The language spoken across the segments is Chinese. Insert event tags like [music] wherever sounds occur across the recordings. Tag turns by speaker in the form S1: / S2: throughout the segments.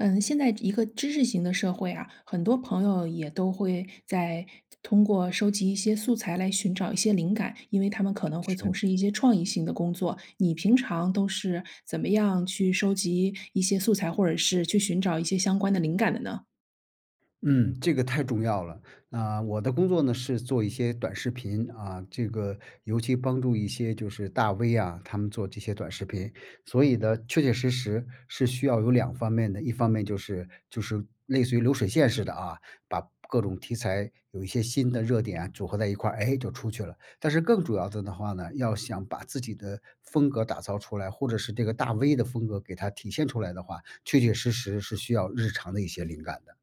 S1: 嗯，现在一个知识型的社会啊，很多朋友也都会在通过收集一些素材来寻找一些灵感，因为他们可能会从
S2: 是。
S1: 事一些创意性的工作。你平常都是怎么样去收集一些素材，或者是去寻找一些相关的灵感的呢？
S2: 嗯，这个太重要了。啊，我的工作呢，是做一些短视频啊，这个尤其帮助一些就是大 V 啊，他们做这些短视频。所以呢，确确实实是需要有两方面的，一方面就是就是类似于流水线似的啊，把各种题材有一些新的热点组合在一块儿，诶，就出去了。但是更主要的呢话呢，要想把自己的风格打造出来，或者是这个大 V 的风格给它体现出来的话，确确实实是需要日常的一些灵感的。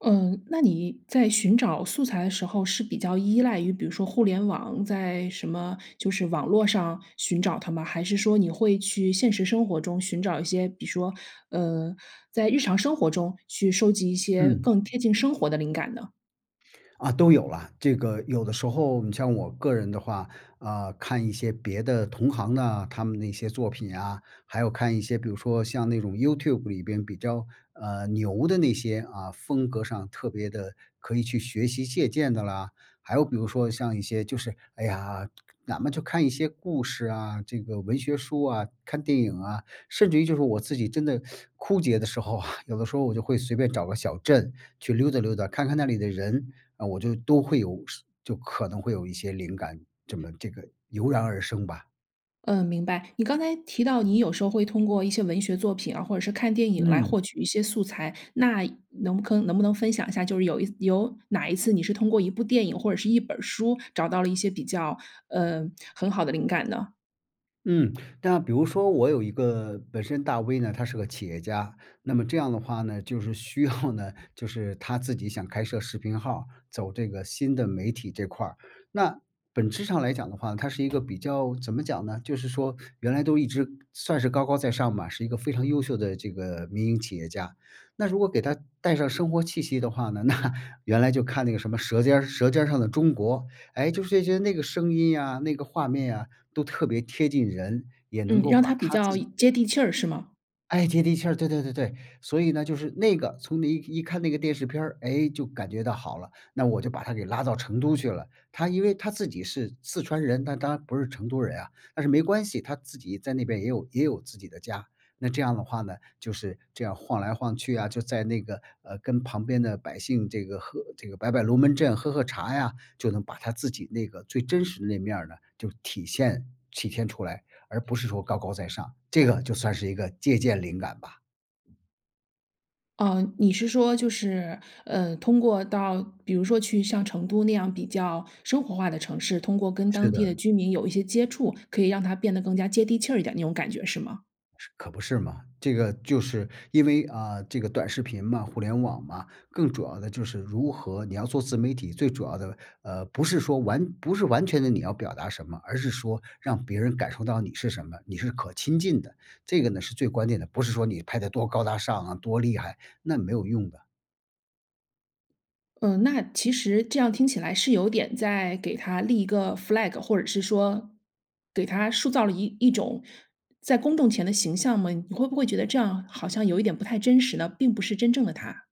S1: 嗯，那你在寻找素材的时候是比较依赖于比如说互联网在什么就是网络上寻找它吗？还是说你会去现实生活中寻找一些，比说，呃，在日常生活中去收集一些
S2: 嗯。
S1: 更贴近生活的灵感呢？
S2: 啊，都有啦，这个有的时候，你像我个人的话，啊，看一些别的同行啊，他们的一些作品啊，还有看一些比如说像那种 YouTube 里边比较，呃，牛的那些，啊，风格上特别的，可以去学习、借鉴的啦。还有比如说像一些就是，哎呀，哪怕就看一些故事啊，这个文学书啊，看电影啊，甚至于就是我自己真的 [sucks teeth] 枯竭的时候啊，有的时候我就会随便找个小镇去溜达溜达，看看那里的人，啊，我就都会有是就可能会有一些灵感，这么这个油然而生吧。
S1: 嗯，明白。你刚才提到你有时候会通过一些文学作品啊，或者是看电影来
S2: 嗯。
S1: 获取一些素材，那能不坑能不能分享一下，就是有一有哪一次你是通过一部电影或者是一本儿书找到了一些比较，呃，很好的灵感呢？
S2: 嗯，那比如说我有一个本身大 V 呢，他是个企业家，那么这样的话呢，就是需要呢就是他自己想开设视频号儿，走这个新的媒体这块儿。那本质上来讲的话，它是一个比较怎么讲呢？就是说原来都一直算是高高在上嘛，是一个非常优秀的这个民营企业家。那如果给他带上生活气息的话呢，那原来就看那个什么舌尖儿舌尖儿上的中国，哎，就是这些那个声音啊、那个画面啊，都特别贴近人，也能
S1: 嗯，
S2: 够
S1: 让它
S2: 把
S1: 比
S2: 他
S1: 较
S2: 自己
S1: 接地气儿是吗？
S2: 哎，接地气儿，对对对对。所以呢，就是那个，从你一一看那个电视片儿，诶，就感觉到好了，那我就把他给拉到成都去了。他因为他自己是四川人，但他不是成都人啊，但是没关系，他自己在那边也有也有自己的家。那这样的话呢，就是这样晃来晃去啊，就在那个，呃，跟旁边的百姓这个喝这个摆摆龙门阵、喝喝茶呀，就能把他自己那个最真实的那面儿呢，就体现体现出来，而不是说高高在上。这个就算是一个借鉴灵感吧。
S1: 嗯你是说就是，呃，通过到比如说去像成都那样比较生活化的城市，通过跟
S2: 是
S1: 当地的
S2: 的。
S1: 居民有一些接触，可以让他变得更加接地气儿一点那种感觉是吗？
S2: 是可不是吗？这个就是因为，啊，这个短视频嘛、互联网嘛，更主要的就是如何你要做自媒体，最主要的，呃，不是说完不是完全地你要表达什么，而是说让别人感受到你是什么，你是可亲近的。这个呢是最关键的，不是说你拍得多高大上啊，多厉害，那没有用的。
S1: 嗯，那其实这样听起来是有点在给他立一个 flag，或者是说给他塑造了一一种在公众前的形象吗？你会不会觉得这样好像有一点不太真实呢？并不是真正的他。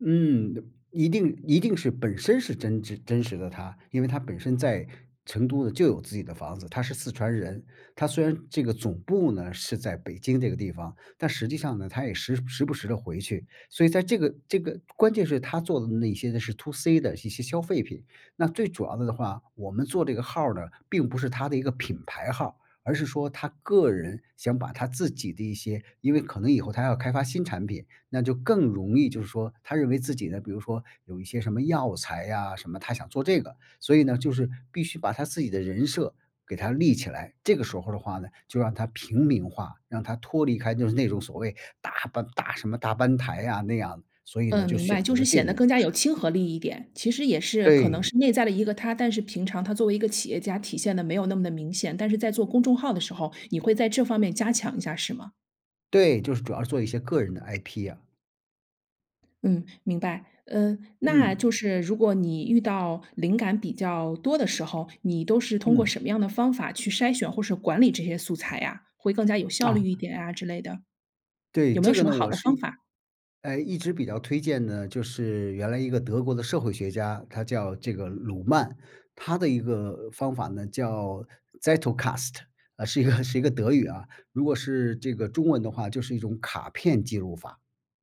S2: 嗯，一定一定是本身是真挚、真实的他，因为他本身在成都呢就有自己的房子，他是四川人。他虽然这个总部呢是在北京这个地方，但实际上呢，他也时时不时地回去。所以在这个这个关键是他做的那些呢是 2C 的一些些消费品。那最主要的的话，我们做这个号儿呢，并不是他的一个品牌号儿，而是说他个人想把他自己的一些因为可能以后他要开发新产品，那就更容易就是说他认为自己呢，比如说有一些什么药材啊，什么他想做这个。所以呢，就是必须把他自己的人设给它立起来，这个时候的话呢，就让他平民化，让他脱离开就是那种所谓大班大什么大班台啊，那样。所以呢，
S1: 嗯，
S2: 就
S1: 明白。
S2: 选
S1: 就
S2: 择
S1: 是
S2: 了这
S1: 显
S2: 种
S1: 得更加
S2: 模
S1: 有
S2: 式。
S1: 亲和力一点，其实也是可能
S2: 对。
S1: 是内在的一个他，但是平常他作为一个企业家，体现得没有那么的明显。但是在做公众号的时候，你会在这方面加强一下是吗？
S2: 对，就是主要是做一些个人的 IP 啊。
S1: 嗯，明白，呃，那就
S2: 嗯。
S1: 是如果你遇到灵感比较多的时候，你都是通过
S2: 嗯。
S1: 什么样的方法去筛选或是管理这些素材呀？会更加有效
S2: 啊。
S1: 率一点啊之类的。
S2: 对，
S1: 有没
S2: 这
S1: 有
S2: 个
S1: 什么
S2: 呢，
S1: 好
S2: 我
S1: 的
S2: 是，
S1: 方法？
S2: 哎，一直比较推荐的，就是原来一个德国的社会学家，他叫这个鲁曼，他的一个方法呢叫 Zettelkasten 啊，是一个是一个德语啊，如果是这个中文的话就是一种卡片记录法，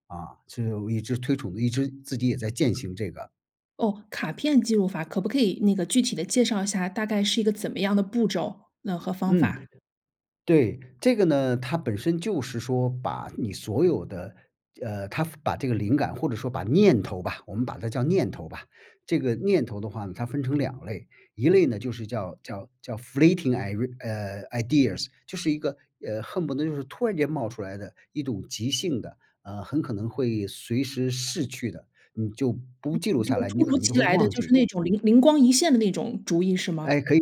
S2: 啊，就一直推崇的，一直自己也在践行这个。
S1: 哦，卡片记录法，可不可以那个具体地介绍一下，大概是一个怎么样的步骤，嗯，和方
S2: 嗯，
S1: 法？
S2: 对，这个呢，它本身就是说把你所有的，呃，它把这个灵感或者说把念头吧，我们把它叫念头吧，这个念头的话呢，它分成2类，1类呢就是叫叫叫 flating i，呃，ideas，就是一个，呃，恨不得就是突然间冒出来的一种急性的啊，很可能会随时逝去的，你就不记
S1: 嗯，
S2: 录
S1: 就
S2: 下来，你
S1: 突
S2: 可
S1: 如
S2: 能就
S1: 其
S2: 会
S1: 来地
S2: 忘
S1: 就
S2: 记。
S1: 是那种灵灵光一现的那种主意是吗？
S2: 哎，可以，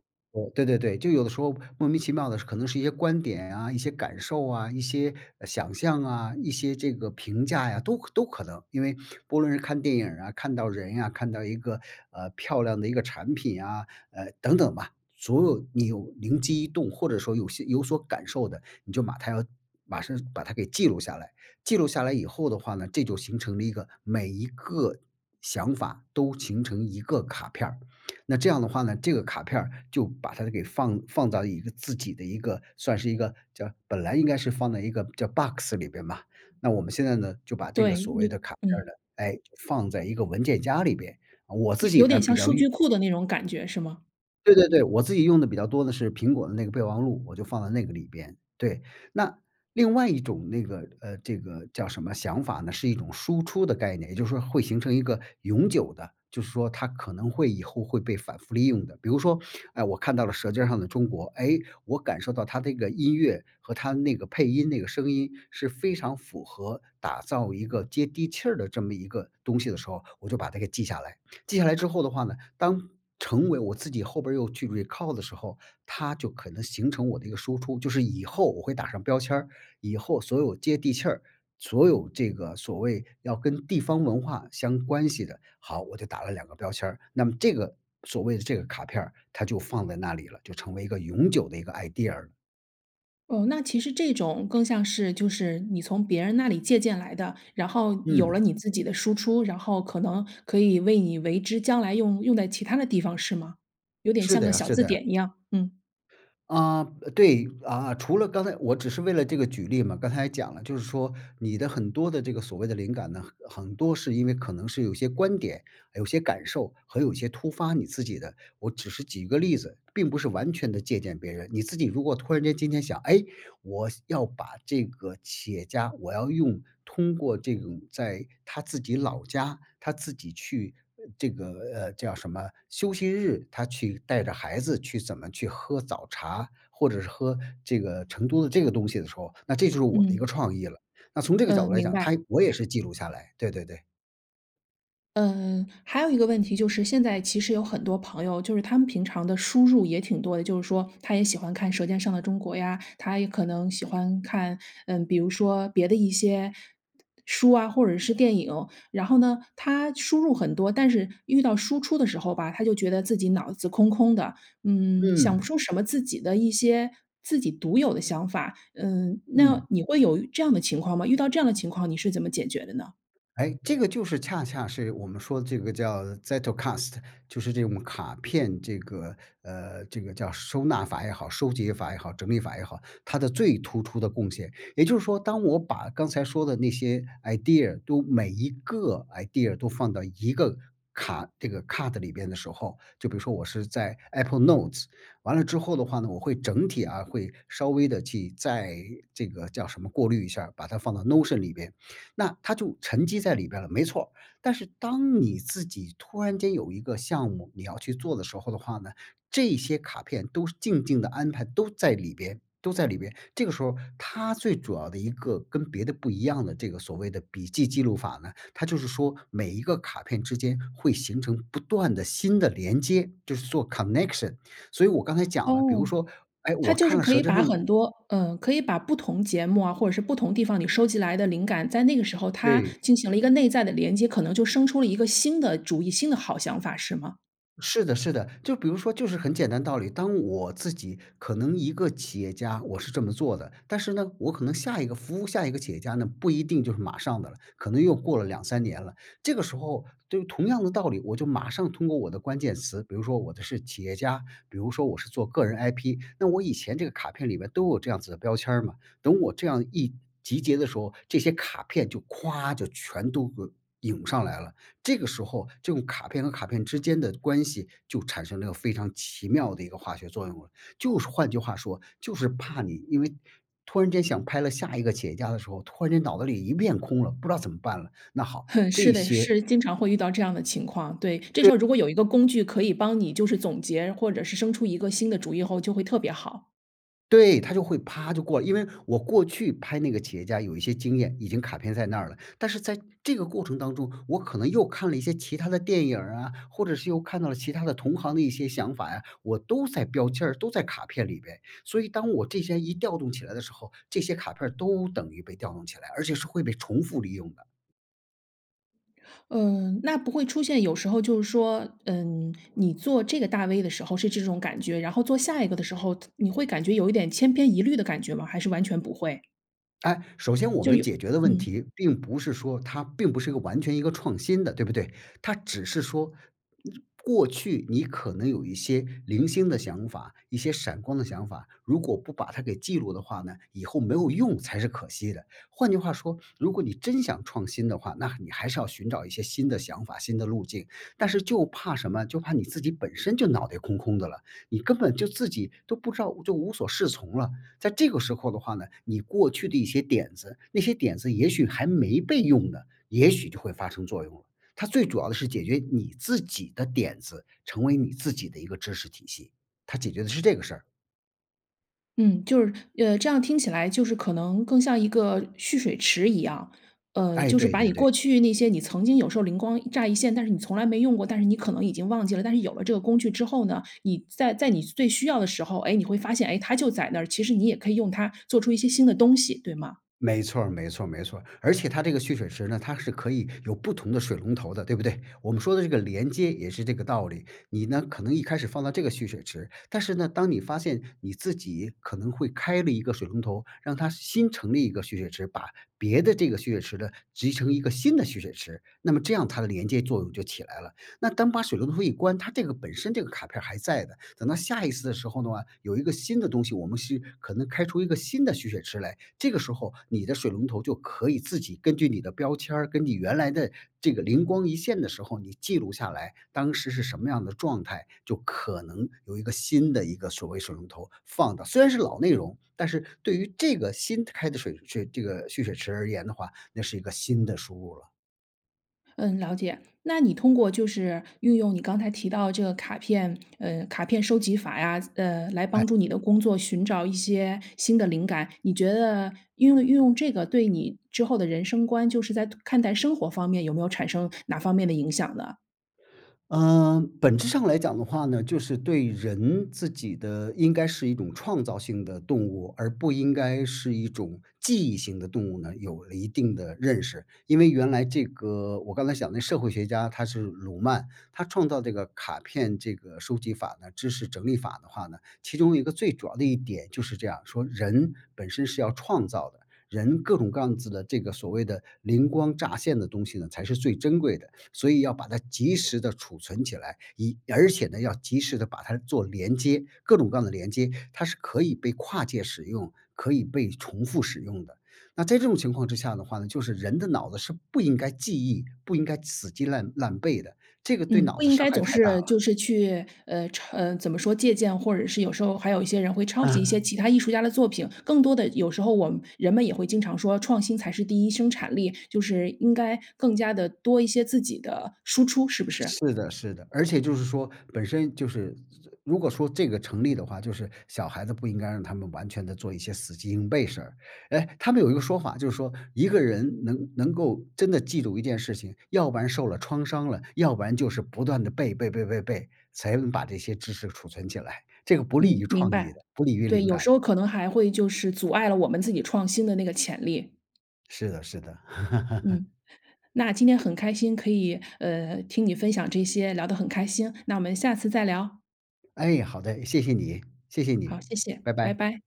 S2: 对对对，就有的时候莫名其妙的可能是一些观点啊，一些感受啊，一些，呃，想象啊，一些这个评价呀，都可都可能。因为不论是看电影儿啊，看到人呀，看到一个，呃，漂亮的一个产品啊，呃，等等吧，所有你有灵机一动或者说有些有所感受的，你就把它要马上把它给记录下来。记录下来以后的话呢，这就形成了一个每一个想法都形成一个卡片儿，[smacks lips] 那这样的话呢，这个卡片儿就把它给放放到一个自己的一个，算是一个叫本来应该是放在一个叫 box 里边吧，那我们现在呢，就把这个
S1: 对，
S2: 所谓
S1: 你
S2: 的卡片儿
S1: 嗯。
S2: 呢，哎，放在一个文件夹里边，呃我自
S1: 有
S2: 己
S1: 有
S2: 呢
S1: 点
S2: 比
S1: 像
S2: 较
S1: 数
S2: 用
S1: 据库的那种感觉是吗？
S2: 对对对，我自己用得比较多的是苹果的那个备忘录，我就放在那个里边，对。那另外一种那个，呃，这个叫什么想法呢，是一种输出的概念，也就是说会形成一个永久的，就是说它可能会以后会被反复利用的。比如说，[sucks teeth] 哎，我看到了舌尖儿上的中国，诶，我感受到它的这个音乐和它那个配音那个声音是非常符合打造一个接地气儿的这么一个东西的时候，我就把它给记下来。记下来之后的话呢，当成为我自己后边又去 recall 的时候，它就可能形成我的一个输出。就是以后我会打上标签儿，以后所有接地气儿，所有这个所谓要跟地方文化相关系的，好，我就打了2个标签儿。那么这个所谓的这个卡片儿它就放在那里了，就成为一个永久的一个 idea。
S1: 哦，那其实这种更像是就是你从别人那里借鉴来的，然后有了你
S2: 嗯。
S1: 自己的输出，然后可能可以为你为之将来用用在其它的地方是吗？有点
S2: 是
S1: 像
S2: 的
S1: 个
S2: 呀
S1: 小
S2: 是
S1: 字
S2: 的呀。
S1: 典一样，嗯。
S2: 啊，对，啊，除了刚才我只是为了这个举例嘛，刚才也讲了，就是说你的很多的这个所谓的灵感呢，很很多是因为可能是有些观点，有些感受，和有些突发你自己的，我只是举一个例子，并不是完全地借鉴别人。你自己如果突然间今天想，诶，我想要把这个企业家我要用通过这种在他自己老家，他自己去这个，呃，叫什么休息日，他去带着孩子去怎么去喝早茶，或者是喝这个成都的这个东西的时候，那这就是我的一
S1: 嗯。
S2: 个创意了，那从这个角
S1: 嗯，
S2: 度来
S1: 明
S2: 讲，
S1: 白。
S2: 他我也是记录下来，对对对。
S1: 嗯，还有一个问题就是现在其实有很多朋友就是他们平常的输入也挺多的，就是说他也喜欢看《舌尖上的中国》呀，他也可能喜欢看，嗯，比如说别的一些书啊，或者是电影。然后呢，他输入很多，但是遇到输出的时候吧，他就觉得自己脑子空空的，嗯，想不
S2: 嗯。
S1: 出什么自己的一些自己独有的想法，嗯，那
S2: 嗯。
S1: 你会有这样的情况吗？遇到这样的情况你是怎么解决的呢？
S2: 哎，这个就是恰恰是我们说的这个叫 Zettelkasten 就是这种卡片这个，呃，这个叫收纳法也好，收集法也好，整理法也好，它的最突出的贡献。也就是说当我把刚才说的那些 idea 都每一个 idea 都放到一个卡这个 card 的里边的时候，就比如说我是在 Apple Notes 完了之后的话呢，我会整体啊，会稍微地去再这个叫什么，过滤一下，把它放到 Notion 里边。那它就沉积在里边了，没错。但是当你自己突然间有一个项目你要去做的时候的话呢，这些卡片都是静静地安排都在里边都在里边，这个时候它最主要的一个跟别的不一样的这个所谓的笔记记录法呢，它就是说每一个卡片之间会形成不断的新的连接，就是做 connection。所以我刚才讲了，比
S1: 哦，
S2: 如说，哎，
S1: 它
S2: 我
S1: 就
S2: 看
S1: 是
S2: 了
S1: 可
S2: 舌
S1: 以
S2: 尖儿
S1: 把
S2: 上的
S1: 很多，呃，可以把不同节目啊，或者是不同地方你收集来的灵感，在那个时候它
S2: 对。
S1: 进行了一个内在的连接，可能就生出了一个新的主意，新的好想法是吗？
S2: 是的是的，就比如说就是很简单道理，当我自己可能一个企业家我是这么做的，但是呢，我可能下一个服务下一个企业家呢，不一定就是马上的了，可能又过了2，3年了，这个时候就同样的道理。我就马上通过我的关键词，比如说我的是企业家，比如说我是做个人 IP，那我以前这个卡片里面都有这样子的标签儿嘛。等我这样一集结的时候，这些卡片儿就咵就全都呃涌上来了。这个时候这种卡片和卡片之间的关系就产生了非常奇妙的一个化学作用了。就是换句话说，就是怕你因为突然间想拍了下一个企业家的时候，突然间脑子里一片空了，不知道怎么办了，那好，
S1: 哼，是
S2: 这
S1: 的。
S2: 些
S1: 是经常会遇到这样的情况，对。这时
S2: 对。
S1: 候如果有一个工具可以帮你就是总结或者是生出一个新的主意后就会特别好。
S2: 对，它就会啪就过来。因为我过去拍那个企业家有一些经验，已经卡片在那儿了，但是在这个过程当中，我可能又看了一些其他的电影儿啊，或者是又看到了其他的同行的一些想法呀，我都在标签儿都在卡片里边。所以当我这些一调动起来的时候，这些卡片儿都等于被调动起来，而且是会被重复利用的。
S1: 呃，那不会出现有时候就是说，嗯，你做这个大 V 的时候是这种感觉，然后做下一个的时候，他你会感觉有一点千篇一律的感觉吗？还是完全不会。
S2: 哎，首先我
S1: 就
S2: 们
S1: 有
S2: 解决的问
S1: 嗯。
S2: 题并不是说它并不是一个完全一个创新的对不对？它只是说你过去你可能有一些零星的想法、一些闪光的想法，如果不把它给记录的话呢，以后没有用才是可惜的。换句话说，如果你真想创新的话，那你还是要寻找一些新的想法，新的路径。但是就怕什么，就怕你自己本身就脑袋空空的了，你根本就自己都不知道就无所适从了，在这个时候的话呢，你过去的一些点子那些点子也许还没被用呢，也许就会发生作用了。它最主要的是解决你自己的点子，成为你自己的一个知识体系。它解决的是这个事儿。
S1: 嗯，就是呃，这样听起来就是可能更像一个蓄水池一样。呃，
S2: 哎，
S1: 就是
S2: 对
S1: 把
S2: 对
S1: 你过
S2: 对。
S1: 去那些你曾经有时候灵光乍一现，但是你从来没用过，但是你可能已经忘记了，但是有了这个工具之后呢，你在在你最需要的时候，诶，你会发现，诶，它就在那儿，其实你也可以用它做出一些新的东西，对吗？
S2: 没错儿没错儿没错儿，而且它这个蓄水池呢，它是可以有不同的水龙头的，对不对？我们说的这个连接也是这个道理。你呢，可能一开始放到这个蓄水池，但是呢，当你发现你自己可能会开了一个水龙头，让它新成立一个蓄水池，把别的这个蓄水池的集成一个新的蓄水池，那么这样它的连接作用就起来了。那当把水龙头一关，它这个本身这个卡片儿还在的，等到下一次的时候的话，有一个新的东西，我们是可能开出一个新的蓄水池来。这个时候你的水龙头就可以自己根据你的标签儿，跟你原来的这个灵光一现的时候，你记录下来，当时是什么样的状态，就可能有一个新的一个所谓水龙头放到虽然是老内容，但是对于这个新开的水水这个蓄水池而言的话，那是一个新的输入了。
S1: 嗯，了解。那你通过就是运用你刚才提到的这个卡片，呃，卡片收集法呀呃，来
S2: 哎。
S1: 帮助你的工作，寻找一些新的灵感，你觉得运用运用这个对你之后的人生观，就是在看待生活方面有没有产生哪方面的影响呢？
S2: 呃，本质上来讲的话呢，就是对人自己的应该是一种创造性的动物，而不应该是一种记忆性的动物呢，有了一定的认识。因为原来这个我刚才想那个社会学家，他是鲁曼，他创造这个卡片这个收集法呢知识整理法的话呢，其中一个最主要的一点就是这样说：“人本身是要创造的，人各种各样子的这个所谓的灵光乍现的东西呢，才是最珍贵的，所以要把它及时地储存起来。“一而且呢，要及时地把它做连接，各种各样的连接，它是可以被跨界使用、可以被重复使用的。那在这种情况之下的话呢，就是人的脑子是不应该记忆，不应该死记烂烂背的，这个对
S1: 嗯，
S2: 脑
S1: 不
S2: 子
S1: 应
S2: 伤
S1: 该
S2: 害
S1: 总
S2: 太大
S1: 是就
S2: 了。
S1: 是去，呃，抄怎么说借鉴，或者是有时候还有一些人会抄袭一些
S2: 嗯。
S1: 其他艺术家的作品，更多的有时候我们人们也会经常说：“创新才是第一生产力。”就是应该更加地多一些自己的输出，是不是？
S2: 是的，是的，而且就是说本身就是如果说这个成立的话，就是小孩子不应该让他们完全地做一些死记硬背事儿。诶，他们有一个说法，就是说：“一个人能能够真的记住一件事情，要不然受了创伤了，要不然就是不断地背背背背背，才能把这些知识储存起来。“这个不利
S1: 嗯，
S2: 于
S1: 明
S2: 创
S1: 白。
S2: 意的、不利于
S1: 对，
S2: 灵
S1: 有时
S2: 感
S1: 候
S2: 的。
S1: 可能还会就是阻碍了我们自己创新的那个潜力。
S2: 是的，是的。
S1: 嗯，
S2: [laughs]
S1: 那今天很开心可以，呃，听你分享这些。聊得很开心，那我们下次再聊。
S2: 哎，好的。谢谢你，谢谢你。
S1: 好，谢谢。
S2: 拜
S1: 拜
S2: 拜。
S1: 拜。